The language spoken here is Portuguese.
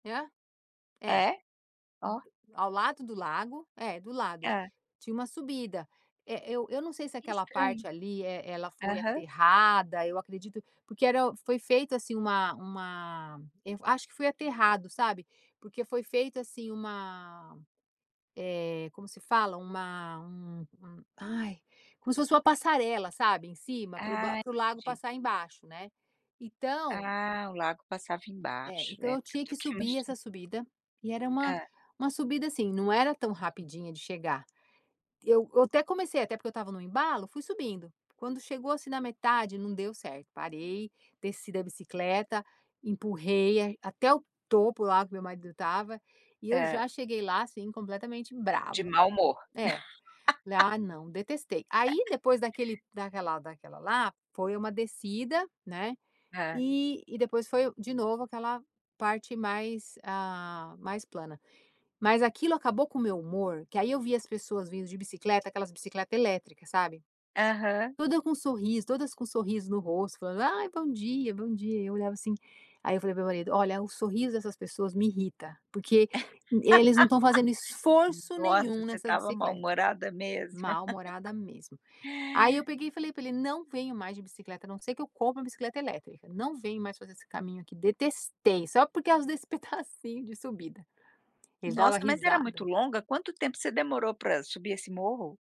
Hã? É. É? Ó. Do ao lado do lago é, do lado, É. tinha uma subida. Eh, eu eu não sei se Que aquela estranho. parte ali, eh, ela foi Aham. aterrada, eu acredito, porque era foi feito, assim, uma uma eu acho que foi aterrado, sabe. Porque foi feito, assim, uma, eh, como se fala? Uma um um ai, como se fosse uma passarela, sabe, em cima, para o ba Ah, para o lago entendi. passar embaixo, né. Então Ah o lago passava É. embaixo. Então É, eu porque eu tinha tô que aqui subir imaginando. essa subida. E era uma Hã. uma subida, assim, não era tão rapidinha de chegar. Eu eu até comecei até porque eu estava no embalo, fui subindo. Quando chegou, assim, na metade, não deu certo. Parei, desci da bicicleta, empurrei em até o topo lá que meu marido estava, e eu Hã. já cheguei lá, assim, completamente De brava, né. mau humor. É. Falei: "Ah, não. Detestei." Aí depois daquele daquela daquela lá, foi uma descida, né, Hã. e e depois foi o de novo aquela parte mais, ah, mais plana. Mas aquilo acabou com o meu humor, que aí eu via as pessoas vindo de bicicleta aquelas bicicleta elétrica, sabe. Aham. Toda com sorriso todas com sorriso no rosto, falando: "Ai, bom dia, bom dia." E eu olhava assim. Aí eu falei para o meu marido: "Olha, o sorriso dessas pessoas me irrita porque e eles não estão fazendo esforço Nossa, nenhum você nessas estava bicicletas." mal-humorada mesmo. Mal-humorada mesmo. Aí eu peguei e falei pra ele: "Não venho mais de bicicleta a não ser que eu compre uma bicicleta elétrica." E falei: "Não venho mais fazer esse caminho aqui detestei! Só por causa desse pedacinho de subida." Ele dava Nossa, mas era muito risada. longa? Quanto tempo você demorou pra subir esse morro?